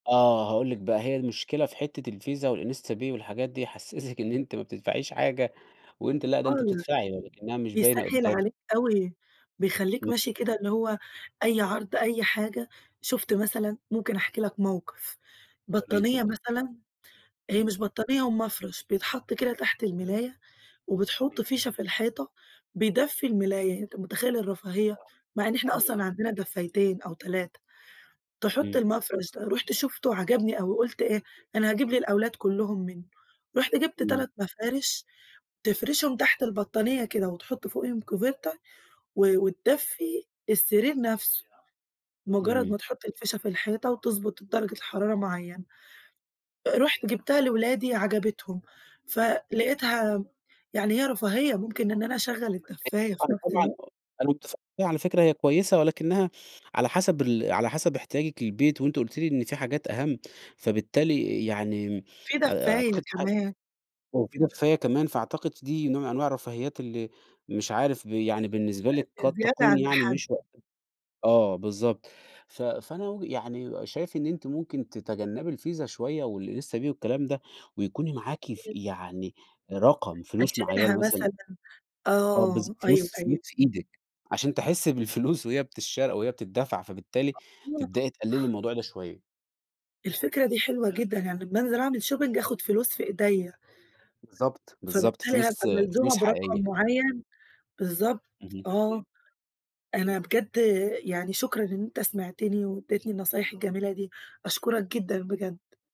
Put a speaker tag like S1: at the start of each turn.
S1: آه هأقول لِك بقى، هي المشكلة في حتة الفيزا والInstaPay والحاجات دي يحسّسِك إن أنتِ ما بتدفعيش حاجة، وأنتِ لأ ده أنتِ
S2: [unintelligible]
S1: بتدفعي، لكنّها مش باينة
S2: بيسَهِّل
S1: قدامِك.
S2: عليك أوي، بيخليك
S1: امم.
S2: ماشي كده اللي هو أي عرض، أي حاجة شُفت مثلًا، ممكن أحكي لك موقف
S1: [unintelligible]
S2: بطانية
S1: اتفضلي.
S2: مثلًا، هي مش بطانية هُو مفرش بيتحط كده تحت الملاية وبتحُط
S1: [unintelligible]
S2: فيشة في الحيطة، بيدفي الملاية، أنت مُتخيل الرفاهية؟
S1: آه،
S2: مع إن إحنا
S1: حلوة.
S2: أصلًا عندنا دفّايتين أو 3، تحط
S1: إمم.
S2: المفرش ده، رُحت شفته عجبني أوي قُلت إيه، أنا هاجيب للأولاد كُلُّهم منه، رُحت جبت
S1: إمم.
S2: 3 مفارش تفرشهم تحت البطانية كده وتحط فوقيهُم كوفيرته و وتدفي السرير نفسه، مجرد
S1: إمم.
S2: ما تحط الفيشة في الحيطة وتُضبط درجة الحرارة معينة، أ رُحت جبتها لأولادي عجبتهم، فلقيتها يعني هي رفاهية ممكن إن أنا أشَغل
S1: [unintelligible]
S2: الدفّاية في نفس
S1: طبعًا
S2: الوقت.
S1: آه أنا مُتفق على فكرة هي كويسة، ولكنها على حسب ال على حسب احتياجِك للبيت، وأنتِ قُلتِ لي إن في حاجات أهَم، فبالتالي يعني
S2: في دفاية
S1: أعتقد [unintelligible]
S2: كمان.
S1: وفي دفّاية كمان، فأعتقد دي نوع من أنواع الرفاهيات اللي مش عارف ب يعني بالنسبة لِك
S2: [unintelligible]
S1: قد
S2: زيادة
S1: تكون
S2: عن
S1: يعني
S2: الحد.
S1: مش وقته، آه بالضبط، ف فأنا وِجهة يعني شايف إن أنتِ ممكن تتجنبي الفيزا شوية والInstaPay والكلام ده، ويكون معاكِ ف
S2: امم.
S1: يعني رقم فلوس معينة
S2: أشيلها
S1: مثلًا
S2: مثلًا،
S1: آه
S2: آه،
S1: بالضبط،
S2: أيوه،
S1: فلوس،
S2: أيوه.
S1: فلوس في إيدِك، عشان تحسّي بالفلوس وهي بتشّرى وهي بتدَّفع فبالتالي
S2: [unintelligible]
S1: تبدئي تقللي الموضوع ده شوية.
S2: الفكرة دي حلوة جدًا، يعني أمّا أنزل أعمل shopping آخُد فلوس في إيدَيَّ.
S1: بالضبط، بالضبط،
S2: فبالتالي هابقى
S1: فلوس
S2: ملزومة
S1: فلوس
S2: برقم
S1: حقيقية.
S2: معين، بالضبط
S1: اهم.
S2: آه. أنا بجد يعني شكرًا إن أنت سمعتني واديتني النصايح الجميلة دي، أشكرك جدًا بجد.